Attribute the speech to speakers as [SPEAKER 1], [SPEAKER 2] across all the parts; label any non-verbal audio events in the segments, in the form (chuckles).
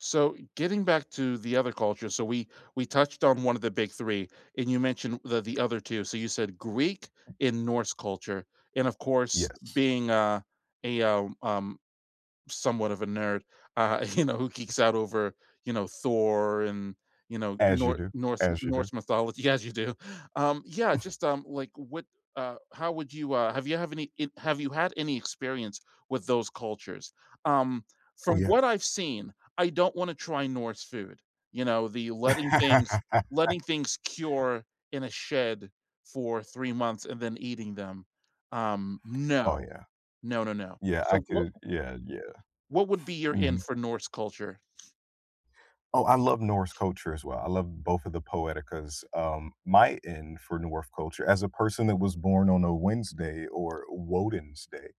[SPEAKER 1] So getting back to the other culture, so we we touched on one of the big 3 and you mentioned the the other 2, so you said, "Greek and Norse culture," and, of course,
[SPEAKER 2] Yes.
[SPEAKER 1] being, uh, a, uh um, somewhat of a nerd, uh, you know, who geeks out over, you know, Thor and, you know,
[SPEAKER 2] As you
[SPEAKER 1] Nor
[SPEAKER 2] do.
[SPEAKER 1] Norse
[SPEAKER 2] As you do.
[SPEAKER 1] Norse mythology as you do um, yeah,
[SPEAKER 2] (chuckles)
[SPEAKER 1] just, um, like, what uh, how would you, uh have you have any have you had any experience with those cultures? Um,
[SPEAKER 2] Oh,
[SPEAKER 1] from
[SPEAKER 2] yeah.
[SPEAKER 1] what I've seen, I don't wanna try Norse food, you know, the letting things
[SPEAKER 2] (laughs)
[SPEAKER 1] letting things cure in a shed for 3 months and then eating them. Um,
[SPEAKER 2] Oh,
[SPEAKER 1] no.
[SPEAKER 2] yeah.
[SPEAKER 1] No, no, no.
[SPEAKER 2] Yeah, I
[SPEAKER 1] So, wha
[SPEAKER 2] could yeah, yeah.
[SPEAKER 1] what would be your in
[SPEAKER 2] Mhm.
[SPEAKER 1] for Norse culture?
[SPEAKER 2] Oh, I love Norse culture, as well, I love both of the poeticas, um, my end for North culture as a person that was born on a Wednesday, or Woden's day,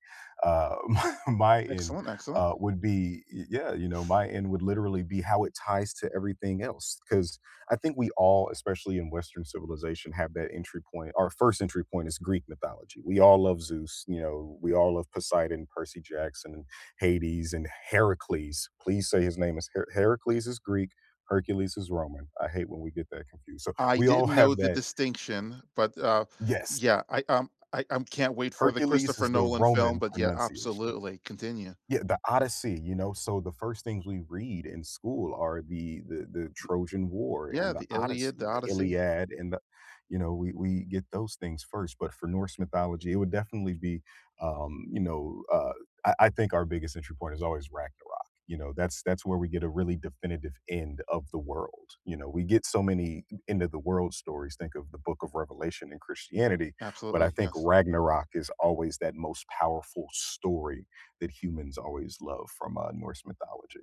[SPEAKER 2] uh, (chuckles) my end,
[SPEAKER 1] Excellent, excellent.
[SPEAKER 2] uh, would be eh, yeah, you know, my end would literally be how it ties to everything else, 'cause I think we all, especially in Western civilization, have that entry point. Our first entry point is Greek mythology, we all love Zeus, you know, we all love Poseidon, Percy Jackson, and Hades, and Heracles. Please say his name is H Heracles is Greek, Hercules is Roman. I hate when we get that confused, so,
[SPEAKER 1] I
[SPEAKER 2] we all
[SPEAKER 1] didn't know
[SPEAKER 2] have
[SPEAKER 1] the
[SPEAKER 2] that
[SPEAKER 1] distinction, but, uh,
[SPEAKER 2] Yes.
[SPEAKER 1] yeah, I um, I I'm can't wait for the
[SPEAKER 2] Hercules
[SPEAKER 1] Christopher
[SPEAKER 2] is the
[SPEAKER 1] Nolan film,
[SPEAKER 2] Roman
[SPEAKER 1] but, yeah,
[SPEAKER 2] pronunciation
[SPEAKER 1] absolutely, continue.
[SPEAKER 2] Yeah, The Odyssey, you know, so, the first things we read in school are the the the Trojan War
[SPEAKER 1] Yeah,
[SPEAKER 2] and The
[SPEAKER 1] the Iliad, the
[SPEAKER 2] Odyssey, The
[SPEAKER 1] Odyssey.
[SPEAKER 2] Iliad and the you know, we we get those things first, but for Norse mythology, it would definitely be, um, you know, uh, I I think our biggest entry point is always Ragnarok, you know, that's that's where we get a really definitive "end of the world," you know, we get so many end-of-the-world stories- think of the Book of Revelation in Christianity- but I
[SPEAKER 1] Absolutely,
[SPEAKER 2] think
[SPEAKER 1] yes.
[SPEAKER 2] Ragnarok is always that most powerful story that humans always love from, uh, Norse mythology.